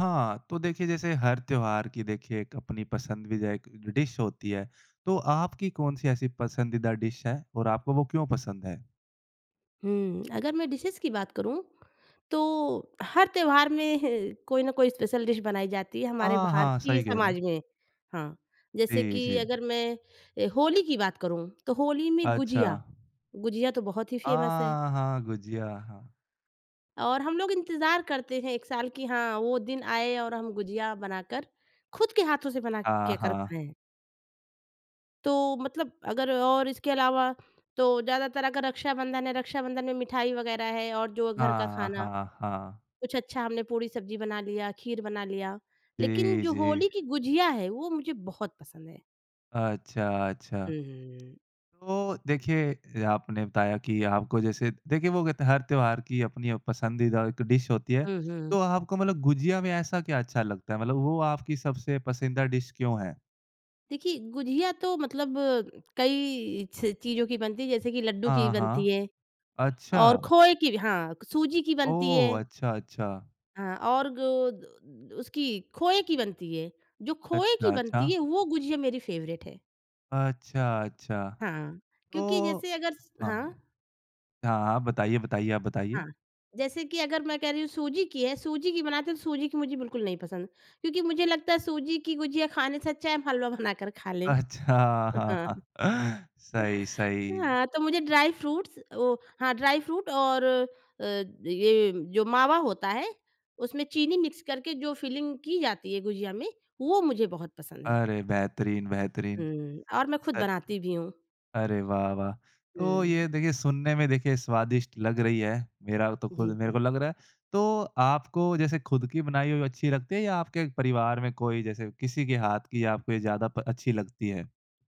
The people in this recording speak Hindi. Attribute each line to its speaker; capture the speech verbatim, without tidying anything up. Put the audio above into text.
Speaker 1: हाँ। तो देखिए जैसे हर त्योहार की देखिए एक अपनी पसंद भी दायक डिश होती है। तो आपकी कौन-सी ऐसी पसंदीदा डिश है और आपको वो क्यों पसंद है?
Speaker 2: हुँ। अगर मैं डिशेज़ की बात करूँ तो हर त्योहार में ह कोई ना कोई स्पेशल डिश बनाई जाती है हमारे
Speaker 1: हाँ, हाँ।
Speaker 2: भारतीय
Speaker 1: सही कह रही
Speaker 2: समाज
Speaker 1: हैं।
Speaker 2: में, हाँ। जैसे
Speaker 1: जी,
Speaker 2: कि
Speaker 1: जी।
Speaker 2: अगर मैं होली की बात करूँ तो होली में
Speaker 1: अच्छा।
Speaker 2: गुजिया। गुजिया तो बहुत ही फ़ेमस है।
Speaker 1: हाँ, हाँ गुजिया। हाँ।
Speaker 2: और हम लोग इंतज़ार करते हैं एक साल कि हाँ, वो दिन आए और हम गुजिया बनाकर खुद के हाथों से बना
Speaker 1: हाँ,
Speaker 2: के कर
Speaker 1: हाँ।
Speaker 2: खाए। तो मतलब अगर और इसके अलावा तो ज़्यादातर अगर रक्षाबंधन है, रक्षाबंधन में मिठाई वग़ैरह है और जो घर का
Speaker 1: हाँ,
Speaker 2: खाना,
Speaker 1: हाँ, हाँ।
Speaker 2: कुछ अच्छा हमने पूड़ी-सब्जी बना लिया, खीर बना लिया लेकिन
Speaker 1: जी,
Speaker 2: जो
Speaker 1: जी।
Speaker 2: होली की गुजिया है वो मुझे बहुत पसंद है।
Speaker 1: अच्छा, अच्छा।
Speaker 2: हुँ, हुँ, हुँ।
Speaker 1: तो देखिए आपने बताया कि आपको जैसे देखिए, वो कहते है हर त्योहार की अपनी अ, पसंदीदा एक डिश होती है।
Speaker 2: हुँ, हुँ।
Speaker 1: तो आपको मतलब गुजिया में ऐसा क्या अच्छा लगता है? मतलब वो आपकी सबसे पसंदीदा डिश क्यों है?
Speaker 2: देखिए, गुजिया तो मतलब कई च चीज़ों की बनती है जैसे कि लड्डू ही की
Speaker 1: हाँ,
Speaker 2: बनती
Speaker 1: हाँ।
Speaker 2: है। और
Speaker 1: अच्छा!
Speaker 2: खोए की भी हाँ, क सूजी की बनती है।
Speaker 1: ओह! अच्छा, अच्छा।
Speaker 2: हाँ और गो द द उसकी खोए की बनती है। जो खोए की
Speaker 1: अच्छा,
Speaker 2: बनती
Speaker 1: अच्छा।
Speaker 2: है वो गुजिया मेरी फ़ेवरेट है।
Speaker 1: अच्छा, अच्छा।
Speaker 2: हाँ, क्योंकि
Speaker 1: तो
Speaker 2: जैसे अगर स हाँ?
Speaker 1: हाँ। हाँ, हाँ। बताइए, बताइए, आप बताइए।
Speaker 2: हाँ। जैसे कि अगर मैं कह रही हूँ सूजी की है, सूजी की बनाते हैं तो सूजी की मुझे बिल्कुल नहीं पसंद। क्योंकि मुझे लगता है सूजी की गुजिया खाने से अच्छा है हम हलवा बनाकर खा लें।
Speaker 1: अच्छा। हाँ,
Speaker 2: हाँ।
Speaker 1: हाँ। सही, सही।
Speaker 2: हाँ, तो मुझे ड्राई-फ़्रूट्स अ, वो हाँ, ड्राई-फ़्रूट और अ, ये जो मावा होता है उसमें चीनी मिक्स करके जो फिलिंग की जाती है गुजिया में, वो मुझे बहुत पसंद है।
Speaker 1: अरे! बेहतरीन, बेहतरीन।
Speaker 2: हुँ। और मैं खुद
Speaker 1: अ,
Speaker 2: बनाती भी हूँ।
Speaker 1: अरे! वाह, वाह। तो
Speaker 2: हुँ।
Speaker 1: ये देखिए सुनने में देखिए स्वादिष्ट लग रही है। मेरा वो तो खुद
Speaker 2: जी,
Speaker 1: मेरे
Speaker 2: जी।
Speaker 1: को लग रहा है। तो आपको जैसे खुद की बनाई हुई अच्छी लगती है या आपके परिवार में कोई जैसे किसी के हाथ की आपको ये ज़्यादा प अच्छी लगती है?